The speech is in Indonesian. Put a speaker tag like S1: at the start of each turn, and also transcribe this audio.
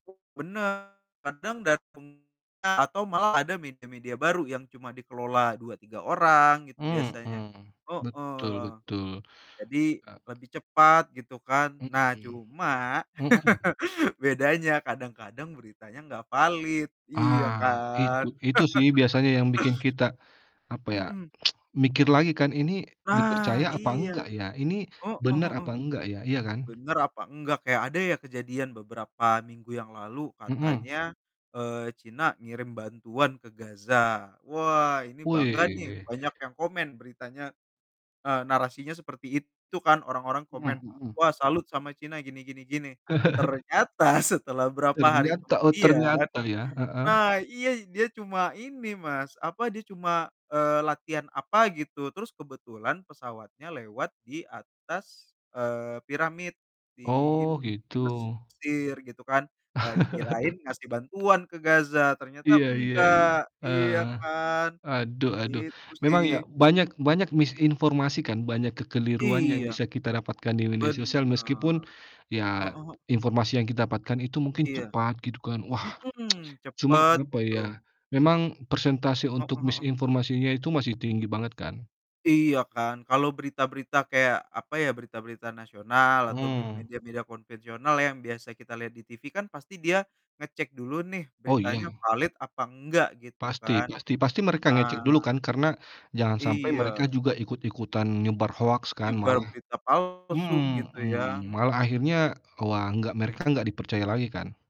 S1: Benar. Kadang datang a atau malah ada media-media baru yang cuma dikelola 2, 3 orang, itu biasanya.
S2: Mhm. Betul,
S1: Heeh,
S2: betul.
S1: jadi,
S2: Ek
S1: lebih cepat, gitu kan. Nah,
S2: Mhm.
S1: cuma,
S2: Mhm.
S1: bedanya kadang-kadang beritanya nggak valid. Iya
S2: Ah, itu
S1: kan?
S2: itu sih biasanya yang bikin kita, apa ya?
S1: Mhm.
S2: Mikir lagi kan, "Ini
S1: Nah,
S2: dipercaya apa
S1: iya.
S2: enggak ya? Ini
S1: Heeh
S2: benar
S1: heeh.
S2: apa enggak ya?" Iya kan?
S1: Bener apa enggak? Kayak, ada ya kejadian beberapa minggu yang lalu
S2: Mhm.
S1: katanya, eee, Cina ngirim bantuan ke Gaza. Wah, ini bangga nih,
S2: Wih.
S1: banyak yang komen beritanya. Eee, narasinya seperti itu kan, orang-orang komen.
S2: Mhm, mhm.
S1: "Wah, salut sama Cina gini gini gini." Ternyata setelah berapa hari
S2: Ternyata, oh
S1: kemudian
S2: ternyata ya, heeh.
S1: Nah, iya dia cuma ini, Mas, apa? Dia cuma, eee, latihan apa gitu. Terus kebetulan pesawatnya lewat di atas, eee, piramid di ini,
S2: Oh,
S1: di
S2: gitu.
S1: Mesir, gitu kan. Eee, dikirain ngasih bantuan ke Gaza, ternyata
S2: Iya, iya, iya.
S1: enggak.
S2: Heeh.
S1: Iya kan?
S2: Aduh aduh.
S1: Itu
S2: Memang iya.
S1: sih.
S2: Banyak banyak misinformasi kan, banyak kekeliruan yang
S1: Iya
S2: bisa kita dapatkan di media sosial
S1: Benar.
S2: meskipun,
S1: E
S2: ya
S1: heeh.
S2: informasi yang ki dapatkan itu mungkin
S1: Iya.
S2: cepat, gitu kan. Wah!
S1: Mhm.
S2: Cuman,
S1: Cepet,
S2: apa ya?
S1: gitu.
S2: Memang persentase untuk
S1: Heeh heeh.
S2: misinformasinya itu masih tinggi banget kan.
S1: Iya kan! Kalau berita-berita kayak, apa ya? Berita-berita nasional atau bri
S2: Hmm.
S1: media-media konvensional yang biasa kita lihat di TV kan pasti dia ngecek dulu nih
S2: Oh,
S1: beritanya
S2: iya.
S1: valid apa enggak, gitu
S2: Pasti,
S1: kan.
S2: pasti. Pasti mereka ngecek dulu
S1: Ah.
S2: kan? Karena jangan sampai mereka
S1: Iya.
S2: juga ikut-ikutan nyebar hoaks kan
S1: Nyebar
S2: malah
S1: berita palsu gitu ya?
S2: mhm. Malah
S1: Mhm.
S2: akhirnya, wah, enggak mereka enggak dipercaya lagi kan?